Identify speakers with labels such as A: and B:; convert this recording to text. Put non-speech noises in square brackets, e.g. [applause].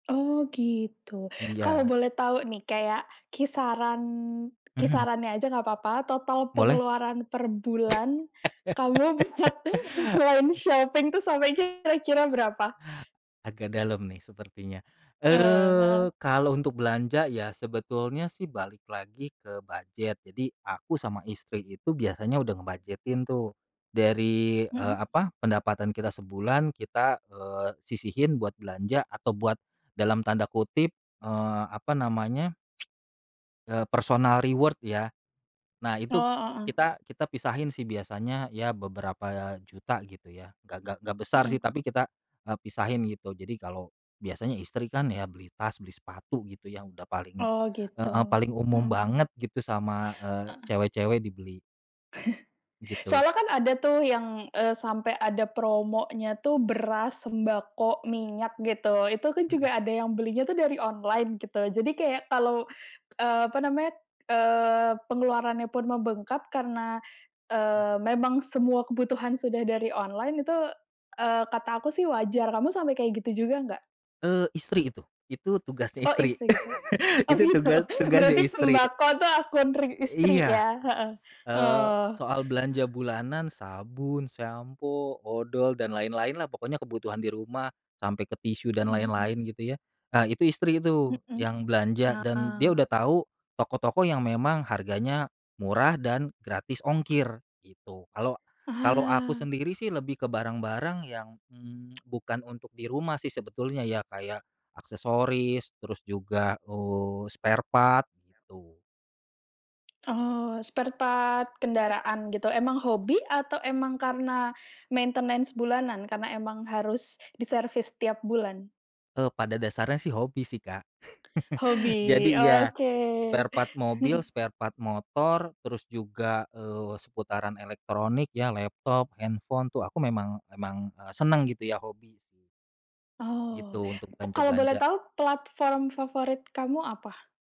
A: Oh, gitu. Kalau
B: Iya.
A: boleh tahu nih kayak kisaran
B: Mhm.
A: kisarannya aja nggak apa-apa. Total
B: Boleh.
A: pengeluaran per bulan kamu buat
B: [laughs]
A: online shopping itu sampai kira-kira berapa?
B: Agak dalem nih sepertinya.
A: Eee, heeh.
B: Eee, kalau untuk belanja ya sebetulnya sih balik lagi ke budget. Jadi aku sama istri itu biasanya udah nge-budget-in tuh dari, eee,
A: Mhm.
B: apa, pendapatan kita sebulan kita, eee, sisihin buat belanja atau buat dalam tanda kutip, eee, apa namanya, [tsk] eee, "personal reward" ya. Nah,
A: Oh,
B: itu
A: heeh.
B: kita kita pisahin sih biasanya ya beberapa juta gitu ya, nggak nggak nggak besar sih
A: Mhm.
B: tapi kita, eee, pisahin gitu. Jadi kalau biasanya istri kan ya beli tas, beli sepatu gitu ya udah paling
A: Oh,
B: heeh,
A: gitu,
B: paling umum
A: mhm.
B: banget gitu sama, eee,
A: Heeh.
B: cewek-cewek dibeli.
A: [chuckles]
B: Gitu.
A: Soalnya kan ada tuh yang, eee, sampai ada promonya tuh beras, sembako, minyak gitu. Itu kan
B: Mhm.
A: juga ada yang belinya tuh dari online gitu, jadi kayak kalau, eee, apa namanya, eee, pengeluarannya pun membengkak karena, eee, memang semua kebutuhan sudah dari online itu, eee, kata aku sih wajar. Kamu sampai kayak gitu juga nggak?
B: Eee, Istri itu. Itu tugasnya
A: Oh,
B: istri.
A: isi gitu?
B: [chuckles]
A: Oh,
B: Itu
A: gitu,
B: tuga tugasnya
A: berarti
B: istri.
A: sembako itu akun ri istri
B: Iya,
A: ya? Heeh
B: s eee,
A: oh.
B: soal belanja bulanan sabun, sampo, odol dan lain-lain lah pokoknya kebutuhan di rumah sampai ke tisu dan
A: Mhm mhm.
B: lain-lain gitu ya, eee, itu istri itu
A: Mmm,
B: yang belanja dan dia
A: ah.
B: udah tahu toko-toko yang memang harganya murah dan gratis ongkir gitu. Kalau kalau aku
A: Ah.
B: sendiri sih lebih ke barang-barang yang, mmm, [tsk] bukan untuk di rumah sih sebetulnya ya kayak aksesoris terus juga, eee, sparepart gitu.
A: Oh, sparepart kendaraan gitu, emang hobi atau emang karena maintenance bulanan karena emang harus diservis setiap bulan?
B: Eee, pada dasarnya sih hobi sih, Kak. [chuckles]
A: Hobi,
B: Jadi, iya
A: oke.
B: sparepart mobil,
A: Hmm.
B: sparepart motor terus juga, eee, seputaran elektronik ya laptop, handphone tuh aku memang, emang, eee, seneng gitu ya hobi sih. Gitu
A: Oh,
B: untuk
A: pe kalau boleh
B: belanja-belanja.
A: tahu platform favorit kamu apa?